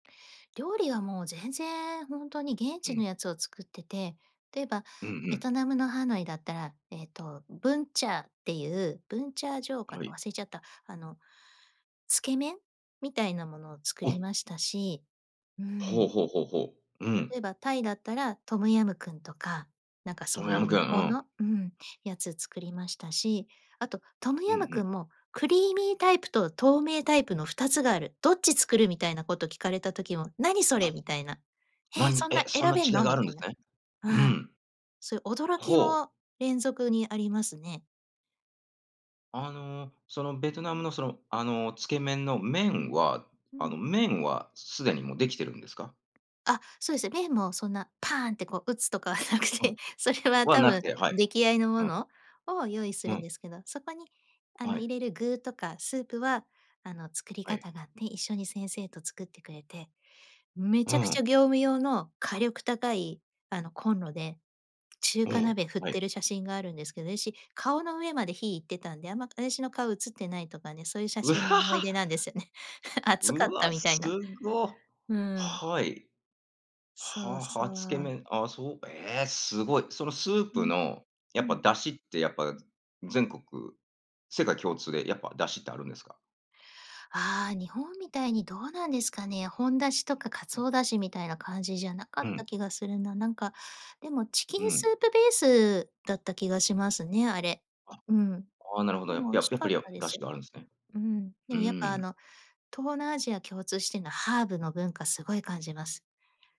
料理はもう全然ほんとに現う地のん。やつを作ってて。例えばうんうベトん。ナムのハノイだったら、えっと、ブンチャーっていうブンチャージョーかはな、い。忘れちゃった、あの、つけ麺みたいなものを作りあ。ましたし。うほうん。ほうほうほう。うん。例えばタイだったら、トムヤムクンとか、なんかトそムうヤいうムクン、向うこうん。のうん、やつ作りましたし。あと、トムうんヤうムクん。ンもクリーミータイプと透明タイプの2つがある。どっち作るみたいなこと聞かれた時も、何、それ、あ。みたいな。なえ、んそんえ、なそん選なべん違いの？があみるんたでいな。すね。ううん。ん。そういう驚きほう。も連続にありますね。あの、そのベトナムの、その、あの、つけ麺の麺はうあん。の、麺はすでにもうできてるんですか？あ、そうですね。麺もそんなパーンって、こう、打つとかでなくうん。て、それはは多なく分て、はい。出来合いのもうん。のを用意すうるんん。ですけど。そこに、あはの、入い。れる具とかスープは、あの、作りはい。方があって、一緒に先生と作ってくれて、めうちゃくちん。ゃ業務用の火力高い、あの、コンロで、中う華ん、鍋振っはてい。る写真があるんですけど、私、顔の上まで火行ってたんで、あんま、私の顔写ってないとかね、そういう写う真もは思いは。出なんですよね。熱うかっわ、た、みたすいな。ご。うーん。はい。そはうあはそあ、つけう。麺。あ、そう。ええ、すごい。そのスーうプん。のうやっぱん。だしって、やっぱ、全国世界共通でやっぱ出汁ってあるんですか？ああ、日本みたいに、どうなんですかね。本だしとかうん。鰹だしみたいな感じじゃなかうっん。た気がするな。なんか、でもチうキンスん。ープベースだった気がしますね、あれ。あ。うん。ああ、なるほど。でやも美や味っしぱかり、っや、たでだすしよ。があるんですね。うん、でうもーやっぱ、あん。の、東南アジア共通しているのは。ハーブの文化すごい感じます。